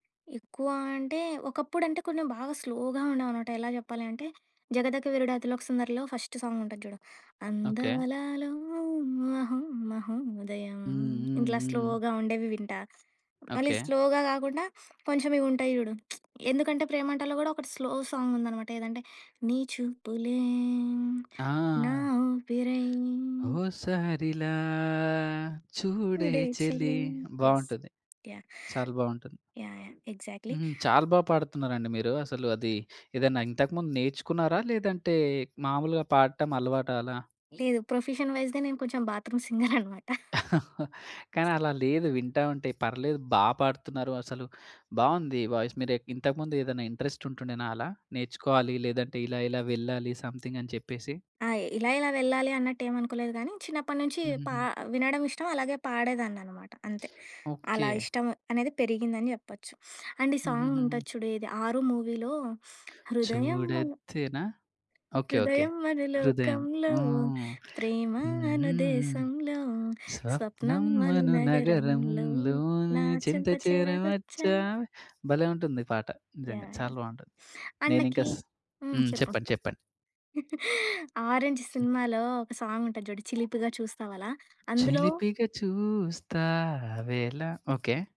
ఎక్కువ అంటే ఒకప్పుడు అంటే కొంచెం బాగా స్లో‌గా ఉండేవనమాట. ఎలా చెప్పాలి అంటే 'జగదక వీరుడు అతిలోక సుందరిలో' ఫస్ట్ సాంగ్ ఉంటది జూడు. ఓకే. అందాలలో మహొ మహొ దయం హ్మ్. హ్మ్. ఇట్లా హ్మ్. స్లోగా ఉండేవి వింటా. మళ్ళీ ఓకే. స్లోగా గాకుండా కొంచెం ఇవి ఉంటాయి జూడు. 'ఎందుకంటే ప్రేమంటలో' కూడా ఒకటి స్లో సాంగ్ ఉందనమాట ఏదంటే నీ చూపులే ఆ! నా ఊపిరై. ఓసారిలా చూడే చూడే చెలి చేలీ. యెస్. బావుంటది. యాహ్! చాలా బావుంటుంది. యాహ్! యాహ్! ఎగ్జాక్ట్‌లి. హ్మ్. చాలా బాగా పాడుతున్నారండి మీరు. అసలు అది ఏదన్నా ఇంతకుముందు నేర్చుకున్నారా? లేదంటే మామూలుగా పాడటం అలవాట అలా? లేదు. ప్రొఫెషన్ వైస్‌గా నేను కొంచెం బాత్రూమ్ సింగర్ అన్నమాట. కానీ అలా లేదు వింటా ఉంటే పర్లేదు బా పాడుతున్నారు అసలు. బావుంది వాయిస్ మీరేక్ ఇంతకు ముందు ఏదైనా ఇంట్రెస్ట్ ఉంటుండేనా అలా? నేర్చుకోవాలి లేదంటే ఇలా ఇలా వెళ్ళాలి సమ్ థింగ్ అని చెప్పేసి? ఆ! ఇలా, ఇలా వెళ్ళాలి అన్నట్టు ఏమనుకోలేదు గానీ, చిన్నప్పటి నుంచి పా హుహుహు. వినడం ఇష్టం, అలాగే పాడేదాన్ని అనమాట. అంతే. ఓకే. అలా ఇష్టం అనేది పెరిగిందని జేప్పొచ్చు. అండ్ ఈ హుహు. సాంగ్ హుహు. ఉంటది చూడు ఇది ఆరు మూవీలో హృదయం అను చుడాద్దె నా? Okay okay. హృదయం మన హృదయం. లోకంలో హ్మ్. ప్రేమ అను హుహుహు. దేశంలో స్వప్నం అను స్వప్నమను నగరంలో నా నగరంలోని చెంతచేరా వచ్చా చింతచేరమచ్చా భలే ఉంటుంది పాట. నిజంగా యాహ్! యాహ్! చాలా బావుంటది. అండ్ నేనింక నాకీ స్ హ్మ్. హ్మ్. చెప్పు. చెప్పండి చెప్పండి. 'ఆరంజ్' సినిమాలో ఒక సాంగ్ ఉంటది జూడు. 'చిలిపిగా చూస్తావలా' అందులో చిలిపిగా చూస్తావెళ. ఓకే.